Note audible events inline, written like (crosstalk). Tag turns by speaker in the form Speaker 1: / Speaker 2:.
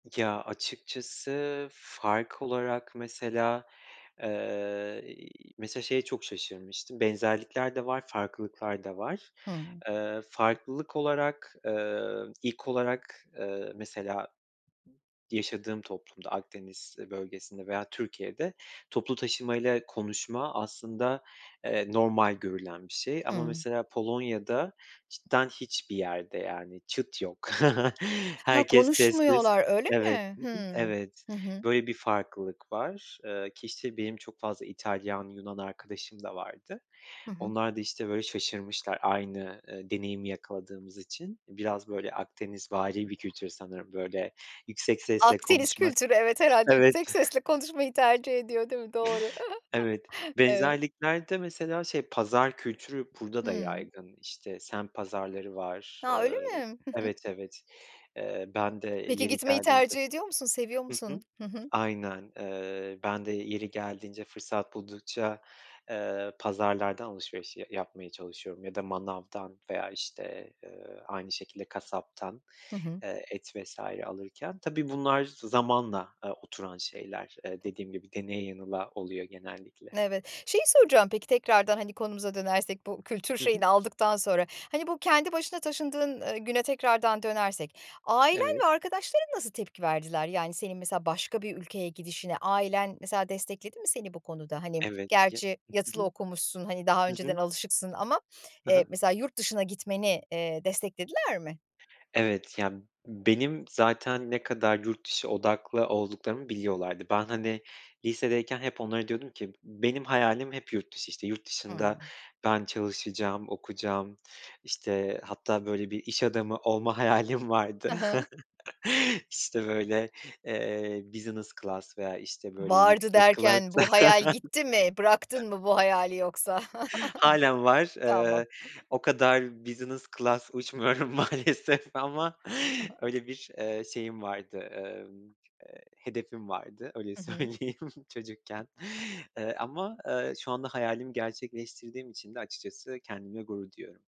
Speaker 1: Ya, açıkçası fark olarak mesela, eee, iii, mesela şeye çok şaşırmıştım. Benzerlikler de var, farklılıklar da var.
Speaker 2: Hımm.
Speaker 1: Iıı, farklılık olarak, ııı, ilk olarak, ııı, mesela yaşadığım toplumda Akdeniz bölgesinde veya Türkiye'de, toplu taşımayla konuşma aslında, eee, normal görülen bir şey ama
Speaker 2: Hımm.
Speaker 1: mesela Polonya'da cidden hiçbir yerde yani çıt yok. (chuckles)
Speaker 2: Ha,
Speaker 1: Herkes sessiz
Speaker 2: konuşmuyorlar, öyle
Speaker 1: Evet,
Speaker 2: mi?
Speaker 1: hı hı,
Speaker 2: Hımm,
Speaker 1: evet.
Speaker 2: hı hı.
Speaker 1: Böyle bir farklılık var. Iıı, ki işte benim çok fazla İtalyan, Yunan arkadaşım da vardı.
Speaker 2: Hı hı.
Speaker 1: Onlar da işte böyle şaşırmışlar aynı, ııı, deneyimi yakaladığımız için biraz böyle Akdenizvari bir kültür sanırım böyle yüksek sesle
Speaker 2: Akdeniz
Speaker 1: konuşmak
Speaker 2: kültürü, evet, herhâlde
Speaker 1: Evet.
Speaker 2: yüksek sesle konuşmayı tercih ediyor, değil mi? Doğru.
Speaker 1: Evet,
Speaker 2: (chuckles) Evet.
Speaker 1: benzerlikler de mesela şey, pazar kültürü burada da
Speaker 2: Hımm.
Speaker 1: yaygın. İşte, semt pazarları var,
Speaker 2: Ha, öyle
Speaker 1: ııı
Speaker 2: mi? Hı hı.
Speaker 1: Evet, evet, ııı, ben de
Speaker 2: Peki
Speaker 1: yeri
Speaker 2: gitmeyi
Speaker 1: geldiğinde
Speaker 2: tercih ediyor musun? Seviyor
Speaker 1: hı
Speaker 2: musun?
Speaker 1: hı,
Speaker 2: Hı hı.
Speaker 1: aynen. Iıı, ben de yeri geldiğince, fırsat buldukça, ııı, pazarlardan alışveriş ya yapmaya çalışıyorum ya da manavdan veya işte, ııı, aynı şekilde kasaptan,
Speaker 2: Hı hı.
Speaker 1: ııı, et vs. alırken. Tabii bunlar zamanla, ııı, oturan şeyler, ııı, dediğim gibi, deneye yanıla oluyor genellikle.
Speaker 2: Evet. Şeyi soracağım peki, tekrardan hani konumuza dönersek, bu kültür
Speaker 1: Hı hı.
Speaker 2: şeyini aldıktan sonra, hani, bu kendi başına taşındığın, ııı, güne tekrardan dönersek ailen
Speaker 1: Evet.
Speaker 2: ve arkadaşların nasıl tepki verdiler? Yani senin mesela başka bir ülkeye gidişine ailen, mesela, destekledi mi seni bu konuda? Hani
Speaker 1: Evet, ya,
Speaker 2: gerçi
Speaker 1: hı
Speaker 2: yatılı
Speaker 1: hı.
Speaker 2: okumuşsun, hani, daha
Speaker 1: Hı
Speaker 2: önceden
Speaker 1: hı.
Speaker 2: alışıksın ama,
Speaker 1: Hı
Speaker 2: eee,
Speaker 1: hı.
Speaker 2: mesela yurt dışına gitmeni, eee, desteklediler mi?
Speaker 1: Evet, ya benim zaten ne kadar yurt dışı odaklı olduklarımı biliyorlardı. Ben hani lisedeyken hep onlara diyordum ki benim hayalim hep yurt dışı işte yurt dışında
Speaker 2: Hıı.
Speaker 1: ben çalışacağım, okuyacağım işte hatta böyle bir iş adamı olma hayalim vardı.
Speaker 2: Hı hı.
Speaker 1: (chuckles) İşte böyle, eee business class veya işte, böyle
Speaker 2: "Vardı."
Speaker 1: yüksek class.
Speaker 2: derken bu hayal gitti mi, bıraktın mı bu hayali yoksa?
Speaker 1: (laughs) Hâlen
Speaker 2: (chuckles)
Speaker 1: var,
Speaker 2: Tamam.
Speaker 1: ııı, o kadar business class uçmuyorum maalesef ama
Speaker 2: (chuckles)
Speaker 1: öyle bir, ııı, şeyim vardı, ımm, ııı, hedefim vardı öyle
Speaker 2: Hı hı.
Speaker 1: söyleyeyim çocukken. Iıı, ama, ııı, şu anda hayalimi gerçekleştirdiğim için de açıkçası kendimle gurur duyuyorum.